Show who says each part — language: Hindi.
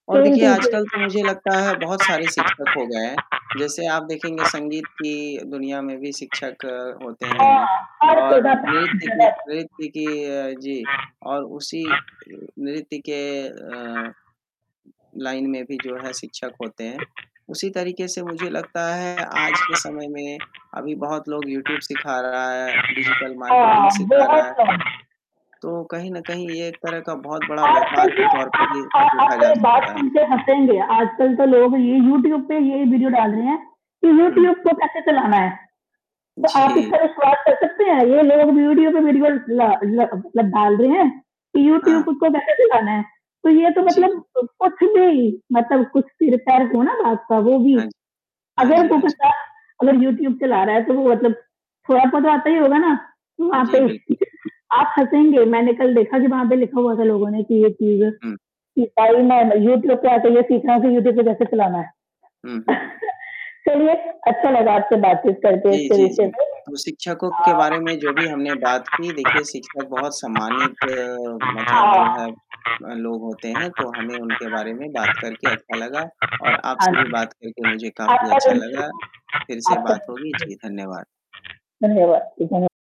Speaker 1: और
Speaker 2: सेम
Speaker 1: देखिए
Speaker 2: चीज़ें।
Speaker 1: आजकल तो मुझे लगता है बहुत सारे शिक्षक हो गए हैं, जैसे आप देखेंगे संगीत की दुनिया में भी शिक्षक होते हैं,
Speaker 2: हाँ। हर
Speaker 1: और
Speaker 2: सीधा
Speaker 1: नृत्य की
Speaker 2: [unintelligible]
Speaker 1: नृत्य की अ, जी और उसी नृत्य के अ, लाइन में भी जो है शिक्षक होते हैं, उसी तरीके से मुझे लगता है आज के समय में अभी बहुत लोग यूट्यूब सीखा रहा है, डिजिटल मार्केटिंग
Speaker 2: हाँ,
Speaker 1: सिखा रहा
Speaker 2: बहुत
Speaker 1: है।
Speaker 2: कम।
Speaker 1: तो कहीं न कहीं ये एक तरह का बहुत बड़ा
Speaker 2: आजकल
Speaker 1: व्यापार
Speaker 2: की जो
Speaker 1: के तौर
Speaker 2: अ
Speaker 1: पे भी
Speaker 2: अ, आप
Speaker 1: देखा जा
Speaker 2: मेरी बात
Speaker 1: सकता है,
Speaker 2: सुन के
Speaker 1: जी।
Speaker 2: हँसेंगे। आजकल तो लोग ये यूट्यूब पे ये ही वीडियो डाल रहे हैं, कि
Speaker 1: हुँ।
Speaker 2: यूट्यूब को कैसे चलाना है। तो आप
Speaker 1: जी।
Speaker 2: इसका विश्वास कर सकते है, ये लोग यूट्यूब पे वीडियो ला लब मतलब डाल रहे हैं, कि यूट्यूब
Speaker 1: हाँ।
Speaker 2: खुद को कैसे चलाना है। तो ये तो
Speaker 1: जी।
Speaker 2: मतलब अ, कुछ भी मतलब कुछ सिर-पैर हो ना बात का वो भी
Speaker 1: हाँ जी। हाँ
Speaker 2: अगर
Speaker 1: जी,
Speaker 2: वो
Speaker 1: हाँ जी।
Speaker 2: बंदा अगर यूट्यूब चला रहा है तो वो मतलब थोड़ा-बहुत तो आता ही होगा ना, वहाँ पे
Speaker 1: जी, बिल्कुल।
Speaker 2: आप हँसेंगे, मैंने कल देखा जब वहाँ पे लिखा हुआ था लोगों ने कि ये चीज़
Speaker 1: हुँ।
Speaker 2: कि भाई मैं यूट्यूब पे आके ये सीख रहा हूँ कि यूट्यूब से कैसे चलाना है।
Speaker 1: हुँ, हुँ, हुँ।
Speaker 2: चलिए अच्छा लगा आपसे बातचीत करके
Speaker 1: जी,
Speaker 2: इसके
Speaker 1: जी,
Speaker 2: विषय
Speaker 1: जी।
Speaker 2: में।
Speaker 1: तो शिक्षकों के बारे में
Speaker 2: अ
Speaker 1: जो भी हमने बात की देखिए शिक्षक बहुत सम्मानित मतलब जो
Speaker 2: हाँ।
Speaker 1: है अ, लोग होते हैं, तो हमें उनके बारे में बात करके अच्छा लगा और
Speaker 2: हाँ
Speaker 1: आपसे भी
Speaker 2: जी,
Speaker 1: बात करके मुझे काफ़ी
Speaker 2: आपका
Speaker 1: अच्छा
Speaker 2: दिन
Speaker 1: लगा।
Speaker 2: शुभ
Speaker 1: फिर
Speaker 2: हो
Speaker 1: से
Speaker 2: आपका
Speaker 1: बात
Speaker 2: दिन
Speaker 1: होगी
Speaker 2: शुभ हो।
Speaker 1: जी, धन्यवाद।
Speaker 2: धन्यवाद। जी धन्य